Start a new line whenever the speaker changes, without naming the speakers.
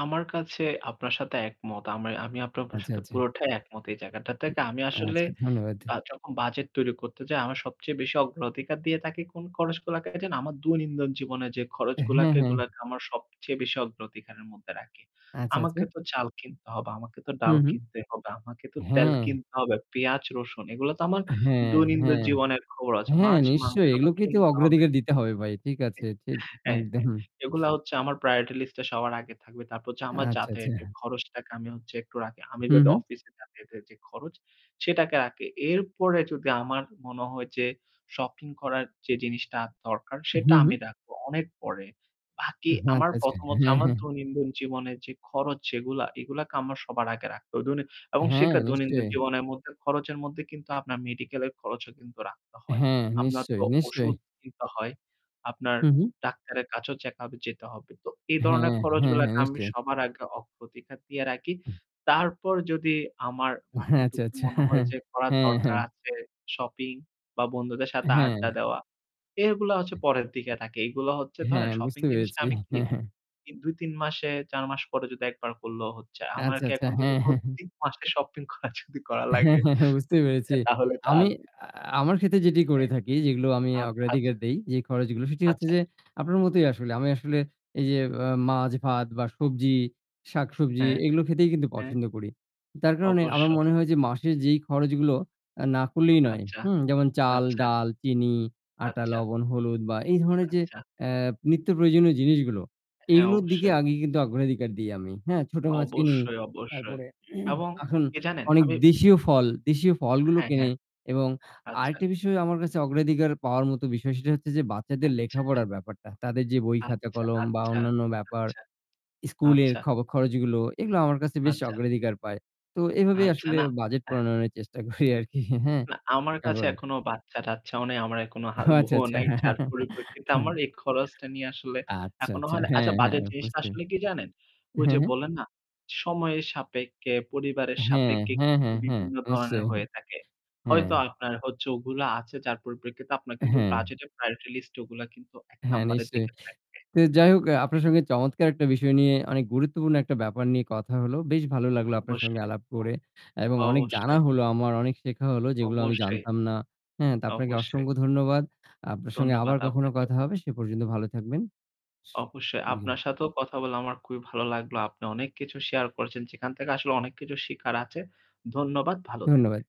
আমার কাছে আপনার সাথে একমত। আমি আমি আপনার [unintelligible]
আচ্ছা,
সাথে
আচ্ছা।
পুরোটাই একমত এই জায়গাটা থেকে। আমি আসলে
আচ্ছা, ধন্যবাদ।
আ যখন বাজেট তৈরি করতে যাই আমার সবচেয়ে বেশি অগ্র অধিকার দিয়ে থাকি কোন খরচগুলাকে জানেন, আমার দৈনন্দিন জীবনে যে
হ্যাঁ,
খরচগুলাকে
হ্যাঁ।
এগুলাকে আমার সবচেয়ে বেশি অগ্রধিকারের মধ্যে রাখি।
আচ্ছা,
আমাকে
আচ্ছা।
তো চাল কিনতে হবে, আমাকে তো
হু,
ডাল
হু।
কিনতে হবে, আমাকে তো তেল
হ্যাঁ।
কিনতে হবে, পেঁয়াজ-রসুন এগুলো তো আমার
হ্যাঁ,
দৈনন্দিন
হ্যাঁ।
জীবনের খবর আছে।
হ্যাঁ
মাছ মাংস
নিশ্চয়ই
তো
এগুলোকেই তো
কিনতে হবে।
অগ্রাধিকার দিতে হবে ভাই। ঠিক আছে।
হ্যাঁ,
ঠিক, একদম।
হ্যাঁ। এগুলা হচ্ছে আমার priority list এ সবার আগে থাকবে। তারপর হচ্ছে আমার
আচ্ছা, আচ্ছা।
যাতায়াতের খরচটাকে আমি হচ্ছে একটু রাখি। আমি
হু,
যদি
হু।
অফিসে যাতায়াতের যে খরচ সেটাকে রাখি। এরপরে যদি আমার মনে হয় যে শপিং করার যে জিনিসটা দরকার, সেটা
হু, হু।
আমি রাখবো অনেক পরে। বাকি আমার
আচ্ছা, আচ্ছা।
১ম হচ্ছে
হ্যাঁ,
আমার
হ্যাঁ।
দৈনন্দিন জীবনের যে খরচ যেগুলা, এগুলাকে আমার সবার আগে রাখতে অ এবং
হ্যাঁ
সেটা দৈনন্দিন
নিশ্চয়ই।
জীবনের মধ্যে খরচের মধ্যে কিন্তু আপনার মেডিকেলের খরচও কিন্তু রাখতে হয়।
হ্যাঁ
আপনার তো
নিশ্চয়ই। নিশ্চয়ই।
ওষুধ কিনতে হয়। আপনার
হু, হু।
ডাক্তারের কাছেও চেক আপ এ যেতে হবে। তো এ ধরনের
হ্যাঁ, হ্যাঁ, হ্যাঁ।
খরচগুলাকে আমি
নিশ্চয়ই।
সবার আগে অগ্রাধিকার দিয়ে রাখি। তারপর যদি আমার
আচ্ছা,
বাকিটুকু
আচ্ছা,
মনে হয় যে করার
হ্যাঁ,
দরকার
হ্যাঁ।
আছে, শপিং বা বন্ধুদের সাথে
হ্যাঁ।
আড্ডা দেওয়া, এগুলা হচ্ছে পরের দিকে থাকে। এইগুলো হচ্ছে ধরেন
হ্যাঁ
শপিং
বুঝতে
জিনিসটা
পেরেছি।
আমি কি? ই ২-৩ মাসে ৪ মাস পরে যদি ১ বার করলেও হচ্ছে।
আচ্ছা,
আমাকে
আচ্ছা।
এখন যদি
হ্যাঁ, হ্যাঁ।
প্রত্যেক মাসে শপিং করা যদি
হ্যাঁ,
লাগে
হ্যাঁ, হ্যাঁ বুঝতেই পেরেছি।
তাহলে তো
আমি
আর
আ আমার ক্ষেত্রে যেটি করে
হ্যাঁ।
থাকি যেগুলো আমি
আত আচ্ছা।
অগ্রাধিকার দেই যে খরচগুলো, সেটি হচ্ছে
আচ্ছা।
যে আপনার মতোই আসলে। আমি আসলে এই যে অ মাছ ভাত বা সবজি শাকসবজি
হ্যাঁ,
এগুলো খেতেই কিন্তু
হ্যাঁ।
পছন্দ করি। তার কারণে আমার
অবশ্যই।
মনে হয় যে মাসের যেই খরচগুলো অ্যা না করলেই নয়,
আচ্ছা,
হুম? যেমন চাল,
আচ্ছা।
ডাল, চিনি, আটা,
আচ্ছা।
লবণ, হলুদ বা এই ধরনের যে
আচ্ছা।
অ্যা নিত্য প্রয়োজনীয় জিনিসগুলো
হ্যাঁ
এইগুলোর দিকে
অবশ্যই।
আগে কিন্তু অগ্রাধিকার দিই আমি, হ্যাঁ? ছোটো মাছ কিনি
অবশ্যই, অবশ্যই।
তারপরে
এবং
আহ এখন
কি জানেন?
অনেক
আমি
দেশীয় ফল দেশীয় ফলগুলো
হ্যাঁ, হ্যাঁ।
কিনি। এবং
আচ্ছা।
আরেকটা বিষয় আমার কাছে অগ্রাধিকার পাওয়ার মতো বিষয় সেটা হচ্ছে যে বাচ্চাদের
আচ্ছা।
লেখাপড়ার ব্যাপারটা। তাদের যে বই, খাতা,
আচ্ছা,
কলম বা
আচ্ছা,
অন্যান্য ব্যাপার,
আচ্ছা,
স্কুলের
আচ্ছা।
খব খরচগুলো। এগুলো আমার কাছে বেশ
আচ্ছা।
অগ্রাধিকার পায়। তো এভাবেই
আচ্ছা,
আসলে
না।
বাজেট
এহ
প্রণয়নের চেষ্টা করি আর কি হ্যাঁ?
না আমার
হ্যাঁ
কাছে
বলেন।
এখনো বাচ্চা-টাচ্চাও নাই। আমার এখনো হা
ও আচ্ছা,
বউও
আচ্ছা।
নাই। যার পরিপ্রেক্ষিতে আমার এই খরচটা নিয়ে আসলে
আচ্ছা,
এখনো
আচ্ছা।
হয় না? আচ্ছা
হ্যাঁ, হ্যাঁ।
বাজেট জিনিসটা
বুঝতে
আসলে কি জানেন? ঐ
হ্যাঁ,
যে
হ্যাঁ।
বললেন না সময়ের সাপেক্ষে, পরিবারের
হ্যাঁ,
সাপেক্ষে
হ্যাঁ,
কিন্তু
হ্যাঁ, হ্যাঁ।
বিভিন্ন ধরনের
নিশ্চয়ই।
হয়ে থাকে।
হ্যাঁ।
হয়তো আপনার হচ্ছে ওগুলা আছে যার পরিপ্রেক্ষিতে আপনার কিন্তু
হ্যাঁ।
বাজেটের প্রায়োরিটি লিস্ট এ ওগুলা কিন্তু ১
হ্যাঁ
নাম্বারের
নিশ্চয়ই।
দিকে থাকবে।
তো যাই হোক অ্যা আপনার সঙ্গে চমৎকার! একটা বিষয় নিয়ে অনেক গুরুত্বপূর্ণ একটা ব্যাপার নিয়ে কথা হল। বেশ ভালো লাগলো আপনার সঙ্গে
অবশ্যই
আলাপ
তো।
করে। এবং অনেক জানা
অবশ্যই।
হলো আমার, অনেক শেখা হল যেগুলো আমি
অবশ্যই।
জানতাম না, হ্যা? তো আপনাকে
অবশ্যই।
অসংখ্য ধন্যবাদ। আপনার সঙ্গে আবার
ধন্যবাদ
কখনো
আপনাকেও।
কথা হবে। সে পর্যন্ত ভালো থাকবেন।
অবশ্যই আপনার
[unintelligible]
সাথেও কথা বলে আমার খুবই ভালো লাগলো। আপনি অনেক কিছু শেয়ার করেছেন যেখান থেকে আসলে অনেক কিছু শেখার আছে। ধন্যবাদ ভালো থাকবে।
ধন্যবাদ।